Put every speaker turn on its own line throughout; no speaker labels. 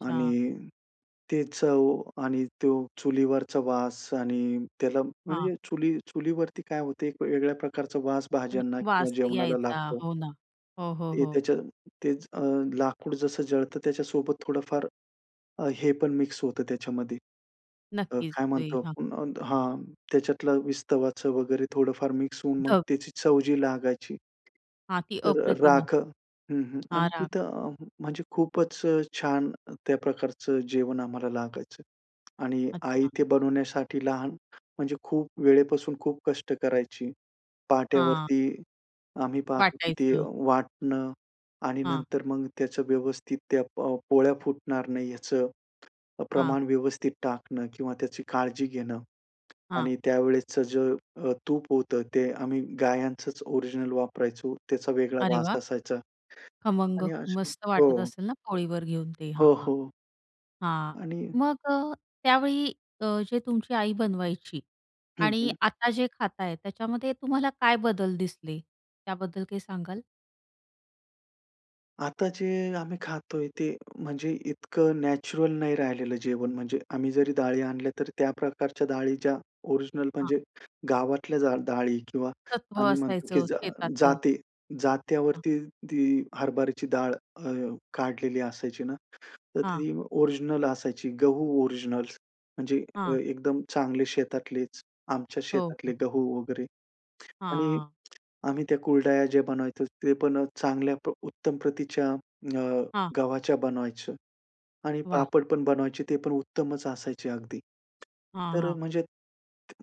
आणि ते चव आणि तो चुलीवरचा वास आणि त्याला
हां.
म्हणजे चुली चुलीवरती काय होते एक वेगळ्या प्रकारचा वास
हं,
भाज्यांना किंवा
वास
जेवणाला
यायचा,
लागतो.
हो ना. हो, हो,
ते
हो.
त्याच्या तेच अ, लाकूड जसं जळतं त्याच्यासोबत थोडंफार अ, हे पण मिक्स होतं त्याच्यामध्ये अ,
नक्कीच,
काय
ते
म्हणतो,
हां.
अ, हां, त्याच्यातलं विस्तवाचं वगैरे थोडंफार मिक्स होऊन मग
ढग.
त्याची चव जी लागायची.
हां, ती
तर अ,
अप्रतिम असत
राख हं, हं आणि
हां, राख
तिथं अ, म्हणजे खूपच अ, छान त्या प्रकारचं जेवण आम्हाला लागायचं. आणि आई
अच्छा.
ते बनवण्यासाठी लहान म्हणजे खूप वेळेपासून खूप कष्ट करायची.
हां.
पाट्यावरती आम्ही पाहतो की ती
वाटायचं.
वाटणं आणि
हां.
नंतर मग त्याचं व्यवस्थित त्या अ, प पोळ्या फुटणार नाही याचं अ,
हां.
प्रमाण व्यवस्थित टाकणं किंवा त्याची काळजी घेणं.
हां.
आणि त्या वेळेसचं जे अ, तूप होतं ते आम्ही गायांचंच ओरिजिनल वापरायचो, त्याचा वेगळा
अरे,
वास
वाह!
असायचा.
खमंग.
आणि असा
मस्त वाटत
हो.
असेल ना पोळीवर घेऊन ते. हां,
हो,
हां.
हो.
हां,
आणि
मग अ, त्यावेळी अ, जे तुमची आई बनवायची
हं,
आणि
हं.
आता जे खाताय, त्याच्यामध्ये तुम्हाला काय बदल दिसले. त्याबद्दल काही सांगाल?
आता जे आम्ही खातोय ते म्हणजे इतकं नॅचरल नाही राहिलेलं जेवण. म्हणजे आम्ही जरी डाळी आणल्या, तर त्या प्रकारच्या डाळी ज्या ओरिजिनल,
हां.
म्हणजे गावातल्या जा डाळी किंवा
सत्व
आम्ही म्हणतो की
असायचं
ज अ,
शेतातलं.
जाते
हां.
जात्यावरती ती हरभराची डाळ अ, काढलेली असायची ना, तर
हां.
ती ओरिजिनल असायची, गहू ओरिजिनल म्हणजे अ,
हां.
एकदम चांगले शेतातलेच. आमच्या
हो,
शेतातले
हो.
गहू वगैरे आणि
हां.
आम्ही त्या कुरड्या जे बनवायचं ते पण अ, चांगल्या प उत्तम प्रतीच्या अ,
हां.
गव्हाच्या बनवायचं आणि
वाह!
पापड पण बनवायचे, ते पण उत्तमच असायचे अगदी.
हां,
तर अ,
हां.
म्हणजे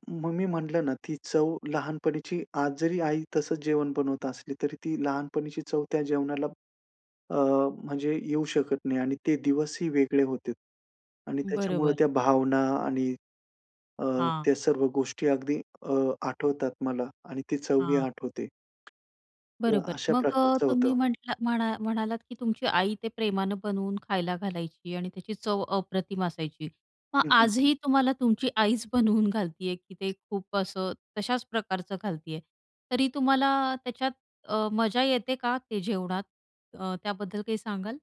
मग मी म्हटलं ना, ती चव लहानपणीची आज जरी आई तसंच जेवण बनवत असली, तरी ती लहानपणीची चव त्या जेवणाला अ, म्हणजे येऊ शकत नाही आणि ते दिवसही वेगळे होते आणि त्याच्यामुळे
बरोबर.
त्या भावना आणि अ,
हां.
त्या सर्व गोष्टी अगदी अ, आठवतात मला आणि ती चवही
हां.
आठवते. तर
बरोबर.
अशा
मग अ,
प्रकारचं
तुम्ही
होतं.
म्हटलात म्हणा म्हणालात की तुमची आई ते प्रेमानं बनवून खायला घालायची आणि त्याची चव अप्रतिम असायची. मग
हं, हं, हं.
आजही तुम्हाला तुमची आईच बनवून घालती आहे की ते खूप असं तशाच प्रकारचं घालती आहे. तरी तुम्हाला त्याच्यात अ, मजा येते का ते जेवणात? अ, त्याबद्दल काही सांगाल?